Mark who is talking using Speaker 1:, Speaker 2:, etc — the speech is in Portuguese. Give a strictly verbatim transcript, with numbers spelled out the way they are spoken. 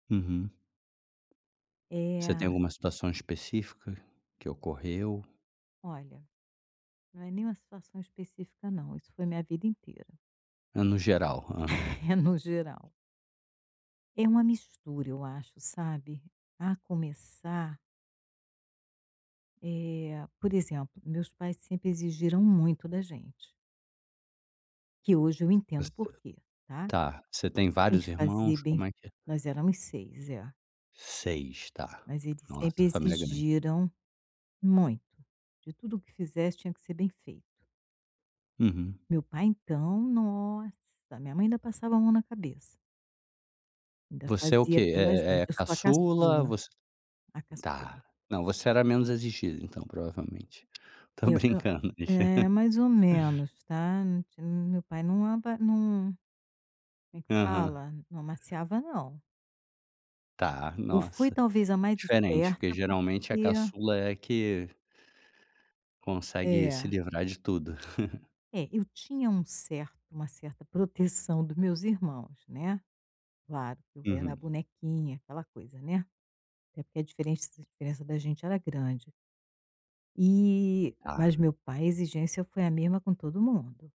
Speaker 1: Uhum. Você tem
Speaker 2: É.
Speaker 1: alguma situação específica que ocorreu?
Speaker 2: Olha, não é nem uma situação específica não, isso foi minha vida inteira.
Speaker 1: É, no geral, aham.
Speaker 2: É no geral. É uma mistura eu acho, sabe, a começar Eh, por exemplo, meus pais sempre exigiram muito da gente. Que hoje eu entendo
Speaker 1: Você
Speaker 2: o porquê, tá.
Speaker 1: Tá, você tem
Speaker 2: Tem
Speaker 1: vários
Speaker 2: que fazer
Speaker 1: irmãos,
Speaker 2: bem
Speaker 1: como é que é?
Speaker 2: nós éramos seis, é.
Speaker 1: seis, tá.
Speaker 2: Mas eles sempre
Speaker 1: Nossa, família grande.
Speaker 2: exigiram muito, de tudo o que fizesse tinha que ser bem feito.
Speaker 1: Uhum.
Speaker 2: Meu pai então, nossa, minha mãe ainda passava a mão na cabeça. Ainda
Speaker 1: Você é o
Speaker 2: fazia
Speaker 1: quê? É
Speaker 2: pela
Speaker 1: é é
Speaker 2: gente
Speaker 1: a
Speaker 2: eu sou a
Speaker 1: caçula?
Speaker 2: caçula,
Speaker 1: Você
Speaker 2: a
Speaker 1: tá.
Speaker 2: caçula.
Speaker 1: Não, você era menos exigida então, provavelmente. Tô
Speaker 2: Eu eu
Speaker 1: brincando.
Speaker 2: é, mais ou menos, tá, ti meu pai não ava não como é que
Speaker 1: Aham.
Speaker 2: fala? Não amaciava não.
Speaker 1: Tá.
Speaker 2: Eu fui
Speaker 1: Nossa,
Speaker 2: talvez a mais
Speaker 1: diferente, porque
Speaker 2: esperta,
Speaker 1: geralmente a
Speaker 2: porque
Speaker 1: caçula é a que consegue se
Speaker 2: É.
Speaker 1: livrar de tudo.
Speaker 2: É, eu tinha um certo uma certa proteção do meus irmãos, né. Claro que eu era a
Speaker 1: Uhum.
Speaker 2: bonequinha, aquela coisa, né, até porque a diferença a diferença da gente era grande. E mas
Speaker 1: Tá.
Speaker 2: meu pai a exigência foi a mesma com todo mundo.